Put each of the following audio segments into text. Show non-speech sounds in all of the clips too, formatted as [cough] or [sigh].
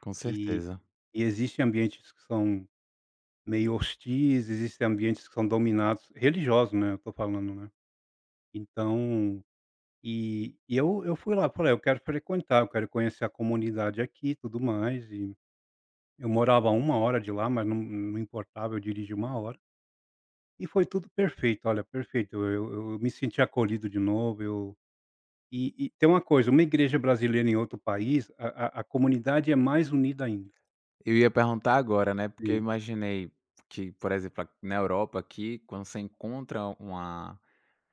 Com E certeza. e existem ambientes que são meio hostis, existem ambientes que são dominados religiosos, né, eu estou falando, né. Então, e e eu eu fui lá, falei: "Eu quero frequentar, quero conhecer a comunidade aqui e tudo mais" e, eu morava 1 hora de lá, mas não não importava, eu dirigia 1 hora. E foi tudo perfeito, olha, perfeito, eu eu me senti acolhido de novo, eu E e tem uma coisa, uma igreja brasileira em outro país, a a a comunidade é mais unida ainda. Eu ia perguntar agora, né, porque eu Sim. imaginei que, por exemplo, na Europa aqui, quando você encontra uma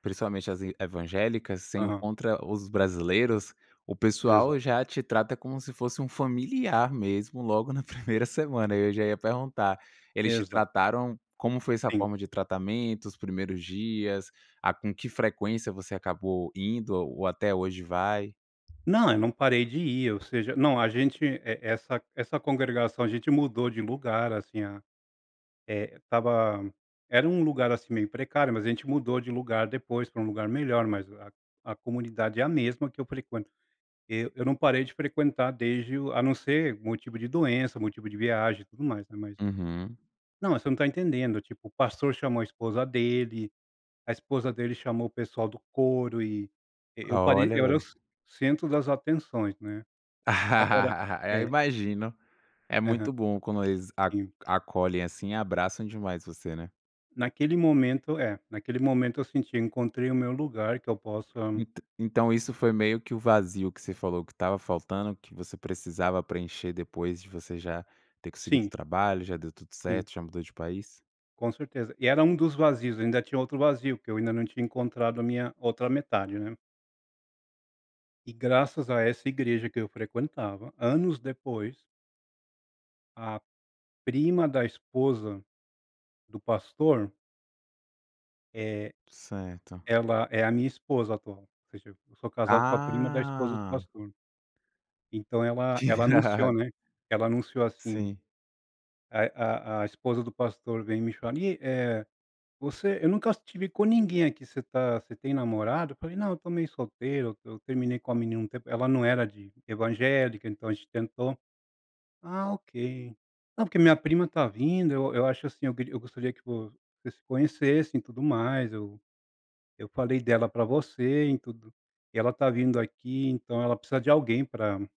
principalmente as i evangélicas, você Aham. encontra os brasileiros, o pessoal Exato. já te trata como se fosse um familiar mesmo logo na 1º semana, e eu já ia perguntar, eles te Exato. trataram como foi essa Sim. forma de tratamento, os primeiros dias, a com que frequência você acabou indo ou até hoje vai? Não, eu não parei de ir ou seja não a gente, e essa essa congregação a gente mudou de lugar, assim a eh, estava era um lugar, assim, meio precário, mas a gente mudou de lugar depois pra um lugar melhor, mas a a comunidade é a mesma que eu frequento. Eu eu não parei de frequentar desde o a não se, motivo de doença, motivo de viagem e tudo mais, né, mas Uhum Não, mas você não tá entendendo, tipo, o pastor chamou a esposa dele, a esposa dele chamou o pessoal do coro e eu parei Olha, eu era o velho. centro das atenções, né? Agora, [laughs] Eu eh imagino, é Aham. muito bom quando eles a Sim. acolhem, assim, e abraçam demais você, né. Naquele momento, eh, naquele momento eu senti eu encontrei o meu lugar que eu possa Entã então isso foi meio que o vazio que você falou que estava faltando, que você precisava preencher depois de você já ter conseguido o Sim. trabalho, já deu tudo Sim. certo, já mudou de país? Com certeza. E era um dos vazios, eu ainda tinha outro vazio, porque eu ainda não tinha encontrado a minha outra metade, né. E graças a essa igreja que eu frequentava, anos depois a prima da esposa do pastor eh, Certo. ela é a minha esposa atual, ou seja, eu sou casado com a prima da esposa do Ah. pastor. Então ela Que ela irado. anunciou, né, ela anunciou assim, Sim. a a a esposa do pastor veio me chamar ni eh, "Você eu nunca te vi com ninguém aqui, você tá você tem namorado?" Eu falei: "Não, estou meio solteiro, eu terminei com a menina um tempo, ela não era de evangélica então a gente tentou". "Ah ok. Não, porque minha prima está vindo, eu eu acho, assim, eu eu gostaria que você se conhecessem e tudo mais, eu eu falei dela para você e tudo, e ela está vindo aqui então ela precisa de alguém para".